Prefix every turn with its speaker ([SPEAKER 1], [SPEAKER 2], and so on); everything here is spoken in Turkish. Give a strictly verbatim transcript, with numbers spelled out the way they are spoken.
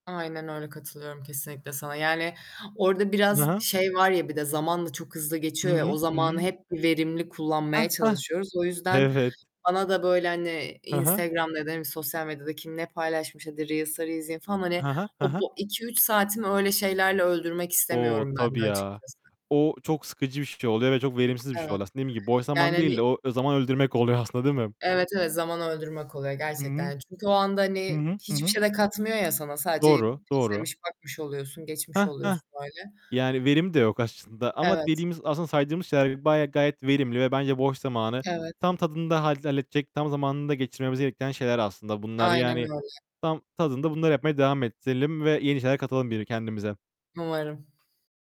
[SPEAKER 1] Aynen öyle, katılıyorum kesinlikle sana, yani orada
[SPEAKER 2] Hı
[SPEAKER 1] biraz
[SPEAKER 2] hı.
[SPEAKER 1] şey var ya bir de zamanda çok hızlı
[SPEAKER 2] Hı
[SPEAKER 1] geçiyor ya o
[SPEAKER 2] hı. Hı
[SPEAKER 1] zamanı
[SPEAKER 2] hı.
[SPEAKER 1] hep verimli
[SPEAKER 2] Heh,
[SPEAKER 1] kullanmaya
[SPEAKER 2] heh,
[SPEAKER 1] çalışıyoruz. O yüzden,
[SPEAKER 2] evet.
[SPEAKER 1] bana da, böyle, hani,
[SPEAKER 2] Hı hı.
[SPEAKER 1] Instagram'da ya da hani sosyal medyada kim ne paylaşmış hadi Reels'ları izleyeyim falan, hani,
[SPEAKER 2] Hı hı. Hı
[SPEAKER 1] o,
[SPEAKER 2] hı.
[SPEAKER 1] bu iki üç saatimi öyle şeylerle öldürmek
[SPEAKER 2] O,
[SPEAKER 1] istemiyorum ben
[SPEAKER 2] tabii
[SPEAKER 1] de
[SPEAKER 2] ya.
[SPEAKER 1] açıkçası.
[SPEAKER 2] O çok sıkıcı bir şey oluyor ve çok verimsiz bir şey
[SPEAKER 1] Evet.
[SPEAKER 2] oluyor aslında. Dediğim gibi boş
[SPEAKER 1] Yani
[SPEAKER 2] zaman değil de
[SPEAKER 1] hani
[SPEAKER 2] o zaman öldürmek oluyor aslında değil mi?
[SPEAKER 1] Evet, evet zaman öldürmek oluyor
[SPEAKER 2] Hı hı.
[SPEAKER 1] gerçekten çünkü o anda
[SPEAKER 2] Hı
[SPEAKER 1] hani
[SPEAKER 2] hı. Hı
[SPEAKER 1] hiçbir
[SPEAKER 2] hı.
[SPEAKER 1] şey de katmıyor ya sana sadece
[SPEAKER 2] Doğru, doğru.
[SPEAKER 1] izlemiş, bakmış oluyorsun, geçmiş
[SPEAKER 2] Heh, heh.
[SPEAKER 1] oluyorsun böyle.
[SPEAKER 2] Yani verim de yok aşçında. Ama
[SPEAKER 1] Evet.
[SPEAKER 2] dediğimiz, aslında saydığımız şeyler bayağı, gayet verimli ve bence boş zamanı.
[SPEAKER 1] Evet.
[SPEAKER 2] Tam tadında halle halledecek, tam zamanında geçirmemizi gerektiren şeyler aslında bunlar.
[SPEAKER 1] Aynen
[SPEAKER 2] Yani
[SPEAKER 1] öyle.
[SPEAKER 2] tam tadında bunları yapmaya devam ettirelim ve yeni şeyler katalım bir kendimize.
[SPEAKER 1] Umarım.